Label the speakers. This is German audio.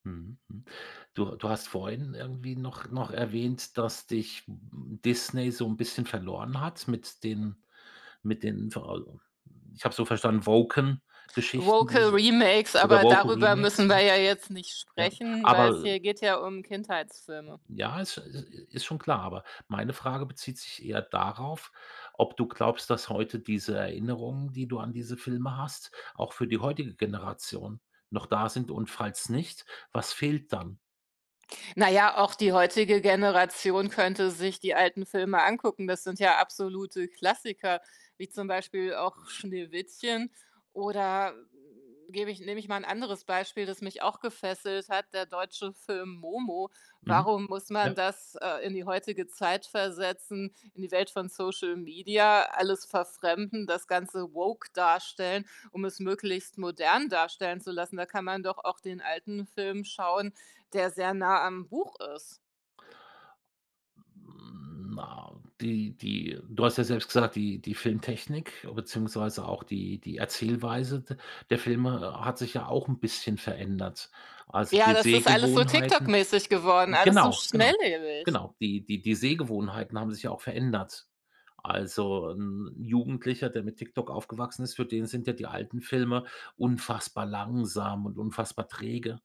Speaker 1: Mhm, hm. Du du hast vorhin irgendwie noch noch erwähnt, dass dich, hm, Disney so 'n bisschen verloren hat mit den mit den vo m ich habe so verstanden, Woken-Geschichten,
Speaker 2: Woke
Speaker 1: diese
Speaker 2: remakes,
Speaker 1: oder
Speaker 2: aber
Speaker 1: woke
Speaker 2: darüber
Speaker 1: Remakes,
Speaker 2: müssen
Speaker 1: ja?
Speaker 2: wir ja jetzt nicht
Speaker 1: Ja,
Speaker 2: sprechen, weil's
Speaker 1: aber
Speaker 2: hier geht ja um Kindheitsfilme.
Speaker 1: ja, es i i ist schon klar, aber meine Frage bezieht sich eher darauf, ob du glaubst, dass heute diese Erinnerungen, die du an diese Filme hast, auch für die heutige Generation noch da sind und falls nicht, was fehlt dann?
Speaker 2: Na ja, auch die heutige Generation könnte sich die alten Filme angucken. Das sind ja absolute Klassiker, wie zum Beispiel auch Schneewittchen oder gebe ich nehme ich mal 'n anderes Beispiel, das mich auch gefesselt hat, der deutsche Film Momo.
Speaker 1: Mhm.
Speaker 2: Warum muss
Speaker 1: Ja.
Speaker 2: man das, äh, in die heutige Zeit versetzen, in die Welt von Social Media, alles verfremden, das Ganze woke darstellen, um es möglichst modern darstellen zu lassen. Da kann man doch auch den alten Film schauen, der sehr nah am Buch ist.
Speaker 1: Hm, na die die du hast ja selbst gesagt, die die Filmtechnik beziehungsweise auch die die Erzählweise de der Filme hat sich ja auch 'n bisschen verändert. Also,
Speaker 2: Ja,
Speaker 1: die
Speaker 2: das ist alles so
Speaker 1: Sehgewohnheiten
Speaker 2: TikTok-mäßig geworden,
Speaker 1: äh,
Speaker 2: alles so
Speaker 1: genau genau
Speaker 2: schnelllebig.
Speaker 1: genau, die die die Sehgewohnheiten haben sich ja auch verändert. Also, 'n Jugendlicher, der mit TikTok aufgewachsen ist, für den sind ja die alten Filme unfassbar langsam und unfassbar träge.